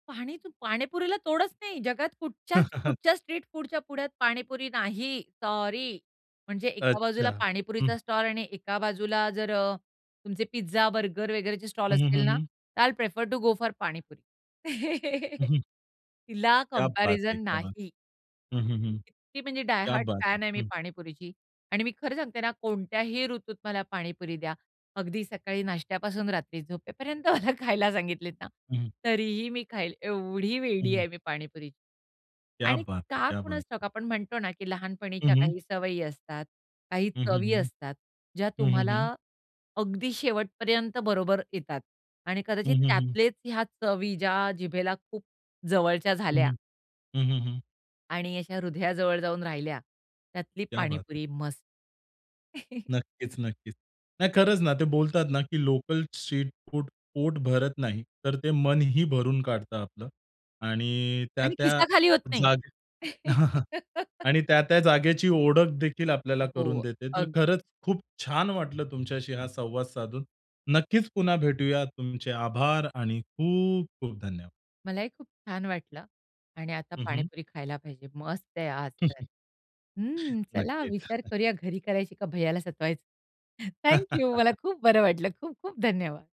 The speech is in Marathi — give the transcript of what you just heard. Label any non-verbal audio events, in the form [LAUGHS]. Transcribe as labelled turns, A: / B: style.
A: पाणी तू, पाणीपुरीला तोडच नाही. जगात कुठच्याच
B: [CHUCKLES]
A: कुठच्या स्ट्रीट फूडच्या पुढ्यात पाणीपुरी नाही. सॉरी म्हणजे एका
B: अच्छा.
A: बाजूला
B: हं.
A: पाणीपुरीचा स्टॉल आणि एका बाजूला जर अ, तुमचे पिझ्झा, बर्गर वगैरेचे स्टॉल
B: हं, हं, हं,
A: असतील ना,
B: हं.
A: तर I will prefer to go for panipuri.
B: हं,
A: [CHUCKLES]
B: हं.
A: तिला
B: क्या बात है!
A: कम्पॅरिझन
B: क्या बात
A: नाही.
B: है! हं, हं, हं.
A: किती म्हणजे डाय
B: क्या
A: हार्ड
B: बात है!
A: फॅन आहे मी
B: हं.
A: पाणीपुरीची. आणि मी खरं सांगते ना, कोणत्याही ऋतूत मला पाणीपुरी द्या. अगदी सकाळी नाश्त्यापासून रात्री झोपेपर्यंत मला खायला सांगितलेत ना,
B: हं, हं.
A: तरीही मी खाईल, एवढी
B: हं,
A: वेडी
B: हं.
A: आहे मी पाणीपुरीची.
B: क्या
A: आणि
B: बात है!
A: का
B: क्या बात
A: कुणास
B: है!
A: ठाऊक आपण म्हणतो ना, की
B: हं,
A: लहानपणीच्या
B: हं.
A: काही सवयी असतात, काही
B: हं, हं,
A: चवी
B: हं.
A: असतात, ज्या
B: हं, हं, हं.
A: तुम्हाला अगदी शेवटपर्यंत बरोबर येतात आणि
B: हं,
A: कदाचित
B: हं, हं.
A: त्यातलेच ह्या चवी, ज्या जिभेला खूप जवळच्या
B: हं,
A: झाल्या.
B: हं. हं, हं, हं.
A: आणि अशा हृदयाजवळ जाऊन राहिल्या. त्यातली
B: क्या बात है!
A: पाणीपुरी मस्त. [CHUCKLES]
B: नक्कीच, नक्कीच. नाही, खरंच ना ते बोलतात ना की लोकल स्ट्रीट फूड पोट भरत नाही, तर ते मनही भरून काढतं आपलं आणि
A: आणि
B: त्या-त्या
A: खिसा खाली होत नाही.
B: जागे [CHUCKLES]
A: [LAUGHS]
B: आणि त्या-त्या जागेची ओळखदेखील आपल्याला
A: अ,
B: करून
A: हो,
B: देते. तर
A: अग
B: खरंच खूप छान वाटलं तुमच्याशी हा संवाद साधून. नक्कीच पुन्हा भेटूया. तुमचे आभार आणि खूप-खूप धन्यवाद.
A: मलाही खूप छान वाटलं आणि आता
B: हं, हं.
A: पाणीपुरी खायला पाहिजे, मस्त आहे आज तर.
B: [CHUCKLES]
A: हं, चला
B: नक्कीच.
A: विचार
B: [CHUCKLES]
A: करूया घरी करायची का भैयाला सतवायचं. Thank you. मला
B: [CHUCKLES]
A: खूप बरं वाटलं. खूप-खूप धन्यवाद.